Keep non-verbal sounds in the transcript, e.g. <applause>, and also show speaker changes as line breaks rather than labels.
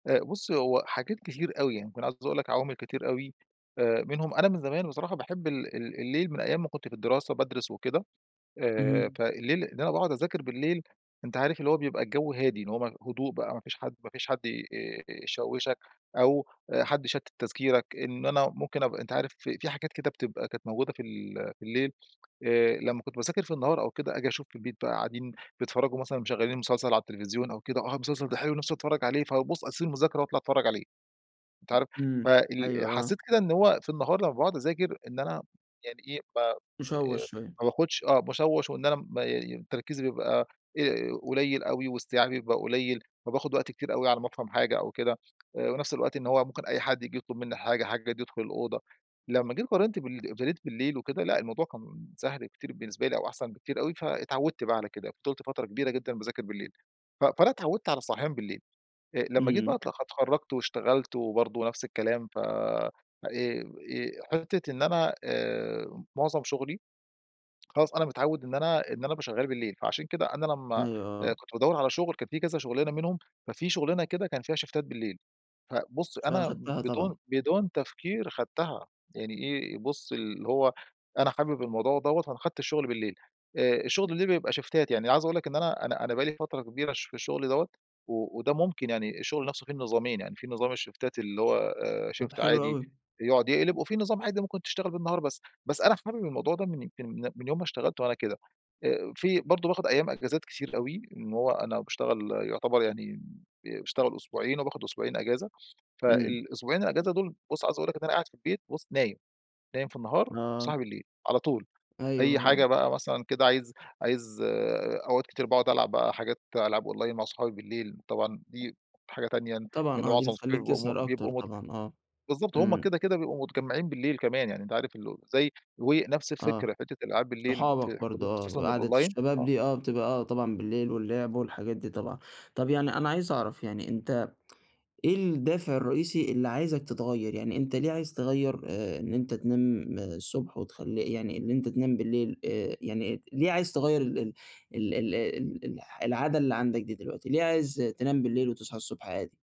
آآ، بُص هو حاجات كتير أوي يعني، كنت عايز أقول لك عوامل كتير أوي آآ، منهم أنا من زمان بصراحة باحب ال ال الليل من أيّام ما كنت في الدراسة بادرس وكده آآ،
اهم.
فالليل اللي أنا باقعد أذاكر بالليل أنت عارف اللي هو بيبقى الجو هادي، إن هو هدوء بقى ما فيش حد ما فيش حد ي آآ، آآ، يشوّشك أو حد يشتت تذكيرك، إن أنا ممكن أبقى أنت عارف في حاجات كده بتبقى كانت موجودة في ال في الليل آآ، لمّا كنت باذاكر في النهار أو كده أجي أشوف البيت بقى قاعدين بيتفرجوا مثلًا مشغلين المسلسل على التلفزيون أو كده، آه، المسلسل ده حلو نفسي أتفرّج عليه فابص أسيب المذكرة وأطلع أتفرّج عليه، أنت عارف
امم.
فال
أيوه، آه.
حسّيت كده إن هو في النهار لمّا باقعد أذاكر إن أنا يعني إيه، ب آآ،
مشوّش شويّة.
ما باخدش آه، مشوّش وإن أنا م تركيزي بيبقى آآ، قليل أوي واستيعابي بيبقى قليل فباخد وقت كتير أوي على ما أفهم حاجة أو كده آآ، ونفس الوقت إن هو ممكن أي حد ييجي يطلب مِنّي حاجة حد ييجي يدخل الأوضة، لمّا جيت قارنت بال <unintelligible> بالليل وكده لأ الموضوع كان سهل كتير بالنسبة لي أو أحسن بكتير أوي، فاتعودت بقى على كده فضلت فترة كبيرة جدًا باذاكر بالليل. ف فأنا اتعودت على الصحيان بالليل آآ، لمّا جيت بقى
امم.
أ اتخرجت واشتغلت وبرضو نفس الكلام ف آآ، حتّة إن أنا آآ، معظم شغلي خلاص أنا متعوّد إن أنا إن أنا بابقي شغّال بالليل، فعشان كده أنا لمّا
أيوه، آه.
كنت بادور على شغل كان في كذا شغلانة منهم ففي شغلانه كده كان فيها شيفتات بالليل فبُص أنا
فأخدتها طبعًا.
بدون بدون تفكير خدتها يعني إيه، بُص اللي هو أنا حابب الموضوع دوّة، فأنا أخدت الشغل بالليل آآ، شغل الليل بيبقى شيفتات يعني عايز أقول لك إن أنا أنا أنا بقى لي فترة كبيرة في الشغل دوّة، و وده ممكن يعني الشغل نفسه فيه النظامين يعني في نظام الشيفتات اللي هو آآ،
طب
شُيفت
حلو
عادي
أوي.
يقعد يقلب وفي نظام عادي ممكن تشتغل بالنهار، بس بس أنا حابب الموضوع ده، من يمكن من يوم ما اشتغلت وأنا كده. في برضو باخد أيّام إجازات كتير أوي إن هو أنا باشتغل يعتبر يعني باشتغل أسبوعين وباخد أسبوعين أجازة،
امم.
فالأسبوعين الإجازة دول بُص عاوز أقول لك إن أنا قاعد في البيت بُص نايم، نايم في النهار،
آه.
صاحي بالليل على طول
أيوه،
أي
آه.
حاجة بقى مثلًا كده عايز عايز أوقات كتير باقعد ألعب بقى حاجات ألعاب أونلاين مع صحابي بالليل طبعًا دي حاجة تانية لأن
طبعًا آه، دي
معظم أصحابي
بتخليك
بيبقوا مت
تسهر أكتر
بيبقوا م
طبعًا، آه،
بالضبط همّ
امم.
كده، كده بيبقوا متجمعين بالليل كمان يعني أنت عارف زي ونفس
آه،
الفكرة حتّة الألعاب بالليل في
صحابك برضو آه،
وخصوصًا
قعدة
الأونلاين
الشباب
آه.
دي آه، بتبقى آه طبعًا بالليل واللعب والحاجات دي طبعًا. طب يعني أنا عايز أعرف يعني أنت <tsk> إيه الدافع الرئيسي اللي عايزك تتغيّر، يعني أنت ليه عايز تغيّر آآ، إن أنت تنام الصبح وتخليه يعني اللي أنت تنام بالليل آآ، يعني ليه عايز تغيّر ال ال ال ال ال العادة اللي عندك دي دلوقتي ليه عايز تنام بالليل وتصحي الصبح عادي؟